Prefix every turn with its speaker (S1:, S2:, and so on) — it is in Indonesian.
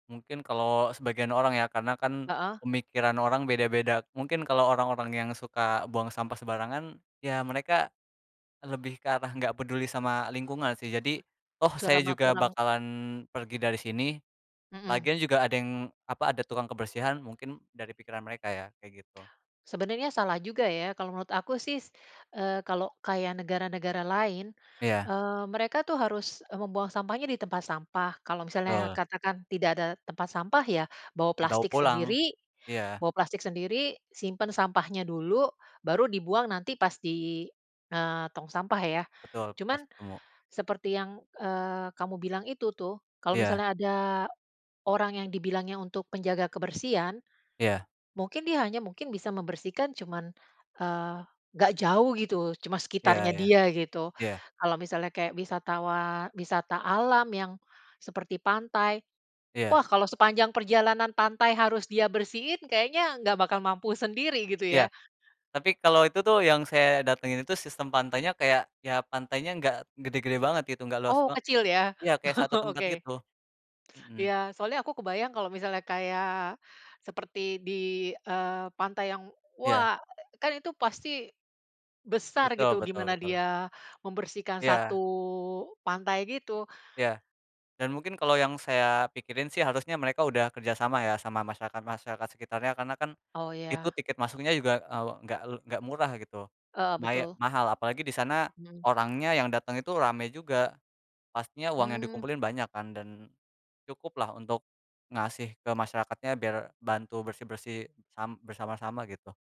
S1: Mungkin kalau sebagian orang ya, karena kan
S2: Heeh.
S1: pemikiran orang beda-beda, mungkin kalau orang-orang yang suka buang sampah sembarangan, ya mereka lebih ke arah enggak peduli sama lingkungan sih. Jadi toh saya
S2: Curama
S1: juga
S2: kurang.
S1: bakalan pergi dari sini.
S2: Mhm.
S1: Lagian juga ada yang, apa ada tukang kebersihan mungkin dari pikiran mereka, ya kayak gitu.
S2: Sebenarnya salah juga ya. Kalau menurut aku sih, eee, kalau kaya negara-negara lain,
S1: Iya.
S2: eee, mereka tuh harus, eee, membuang sampahnya di tempat sampah. Kalau misalnya
S1: Betul.
S2: katakan tidak ada tempat sampah ya bawa
S1: Dibawa
S2: plastik
S1: pulang,
S2: sendiri.
S1: iya.
S2: Bawa plastik sendiri, simpan sampahnya dulu, baru dibuang nanti pas di, eee, tong sampah ya.
S1: Betul, pas
S2: Cuman
S1: ketemu.
S2: seperti yang, eee, kamu bilang itu tuh, kalau
S1: Iya.
S2: misalnya ada orang yang dibilangnya untuk penjaga kebersihan,
S1: Iya.
S2: mungkin dia hanya mungkin bisa membersihkan cuma, eee, enggak jauh gitu, cuma
S1: Iya
S2: sekitarnya
S1: iya.
S2: dia gitu.
S1: Iya.
S2: Kalau misalnya kayak wisatawan wisata alam yang seperti pantai.
S1: Iya.
S2: Wah, kalau sepanjang perjalanan pantai harus dia bersihin, kayaknya enggak bakal mampu sendiri gitu
S1: Iya.
S2: ya.
S1: Tapi kalau itu tuh yang saya datengin itu sistem pantainya kayak ya pantainya, enggak gede-gede banget gitu enggak los
S2: Oh
S1: ba
S2: kecil ya,
S1: iya kayak satu tempat
S2: oke.
S1: gitu. Mhm.
S2: Iya soalnya aku kebayang kalau misalnya kayak seperti di, eee, pantai yang
S1: Iya.
S2: wah, kan itu pasti besar
S1: Betul
S2: gitu
S1: betul
S2: gimana
S1: betul.
S2: dia membersihkan satu
S1: Iya.
S2: pantai gitu.
S1: Iya. Dan mungkin kalau yang saya pikirin sih, harusnya mereka udah kerjasama ya sama masyarakat-masyarakat sekitarnya karena kan
S2: Oh
S1: itu
S2: iya.
S1: tiket masuknya juga, eee, enggak le enggak murah gitu.
S2: Heeh,
S1: Maya
S2: betul.
S1: mahal apalagi di sana
S2: Mhm.
S1: orangnya yang dateng itu rame juga, pastinya uang yang
S2: Mmm.
S1: dikumpulin banyak kan dan cukuplah untuk ngasih ke masyarakatnya biar bantu bersih-bersih sam bersama-sama gitu.